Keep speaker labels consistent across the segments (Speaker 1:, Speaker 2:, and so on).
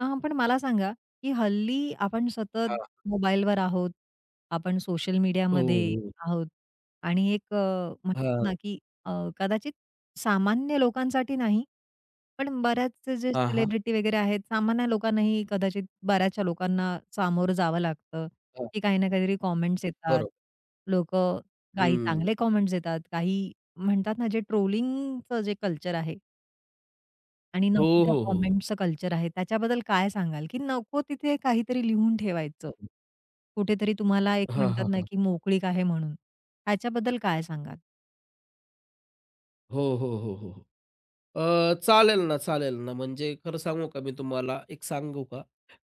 Speaker 1: हां, पण मला सांगा, की हल्ली आपण सतत
Speaker 2: हां.
Speaker 1: मोबाईलवर आहोत. आपण सोशल
Speaker 2: हो,
Speaker 1: मीडियामध्ये
Speaker 2: हो, हो.
Speaker 1: आहोत आणि एक अ, म्हणतात
Speaker 2: हां.
Speaker 1: ना की अ, कदाचित सामान्य लोकांसाठी नाही. पण बऱ्याच जे
Speaker 2: हां, हां.
Speaker 1: सेलिब्रिटी वगैरे आहेत, सामान्य लोकांनाही कदाचित बऱ्याचशा लोकांना सामोरं जावं लागतं
Speaker 2: हां.
Speaker 1: की काही ना काहीतरी कमेंट्स येतात.
Speaker 2: बरोबर.
Speaker 1: लोकं काही
Speaker 2: हं.
Speaker 1: चांगले कमेंट्स येतात. काही म्हणतात ना जे ट्रोलिंगचं जे कल्चर आहे. आणि नको
Speaker 2: हो,
Speaker 1: त्या
Speaker 2: हो, हो.
Speaker 1: कमेंट्सचं कल्चर आहे त्याच्याबद्दल काय सांगाल, की नको तिथे काहीतरी लिहून ठेवायचं?
Speaker 2: हं.
Speaker 1: कुठेतरी तुम्हाला एक
Speaker 2: हां,
Speaker 1: म्हणतात
Speaker 2: हां,
Speaker 1: ना
Speaker 2: हां.
Speaker 1: की मोकळीक आहे म्हणून. ह्याच्याबद्दल काय सांगाल?
Speaker 2: हो, हो, हो, हो, अ, चालेल ना चालेल ना म्हणजे खरं सांगू का, मी तुम्हाला एक सांगू का.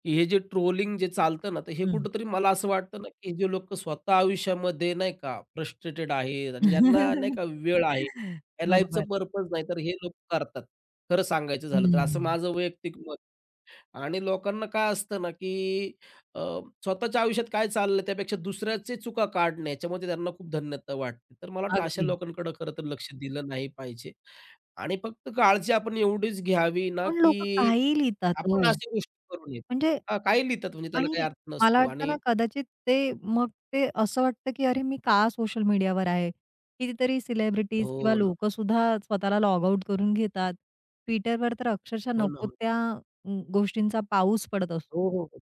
Speaker 2: हे जे ट्रोलिंग जे चालतं ना, तर हे
Speaker 1: हं.
Speaker 2: कुठेतरी मला असं वाटतं ना, की जे लोकं स्वतः आयुष्यामध्ये नाही का फ्रस्ट्रेटेड आहेत आणि ज्यांना नाही का वेळ आहे, या लाईफच
Speaker 1: बरोबर.
Speaker 2: पर्पज नाही, तर हे लोकं करतात. खरं सांगायचं
Speaker 1: हं,
Speaker 2: झालं तर असं
Speaker 1: हं.
Speaker 2: माझं वैयक्तिक मत आणि लोकांना काय असतं ना की अ, स्वतःच्या आयुष्यात काय चाललंय त्यापेक्षा दुसऱ्याचे चुका काढणे याच्यामध्ये त्यांना खूप धन्यता वाटते. तर मला वाटतं अशा
Speaker 1: अगदी.
Speaker 2: लोकांकडे खरं तर लक्ष दिलं नाही पाहिजे आणि फक्त काळजी आपण एवढीच घ्यावी ना,
Speaker 1: पण लोकं
Speaker 2: की
Speaker 1: काहीही लिहितात
Speaker 2: आपण
Speaker 1: हो,
Speaker 2: अशा गोष्टी करू नयेत.
Speaker 1: म्हणजे
Speaker 2: हां, काही लिहितात म्हणजे त्याला काही
Speaker 1: आणि
Speaker 2: अर्थ
Speaker 1: मला
Speaker 2: नसतो
Speaker 1: वाटत
Speaker 2: आणि
Speaker 1: ना कदाचित ते मग ते असं वाटतं, की अरे मी का सोशल मीडियावर आहे. कितीतरी सेलिब्रिटीज किंवा
Speaker 2: हो, ना.
Speaker 1: लोकं सुद्धा स्वतःला लॉग आउट करून घेतात. Twitterवर तर अक्षरशः
Speaker 2: हो, ना,
Speaker 1: नको
Speaker 2: हो.
Speaker 1: त्या गोष्टींचा पाऊस पडत
Speaker 2: हो,
Speaker 1: असतो.
Speaker 2: हो, हो.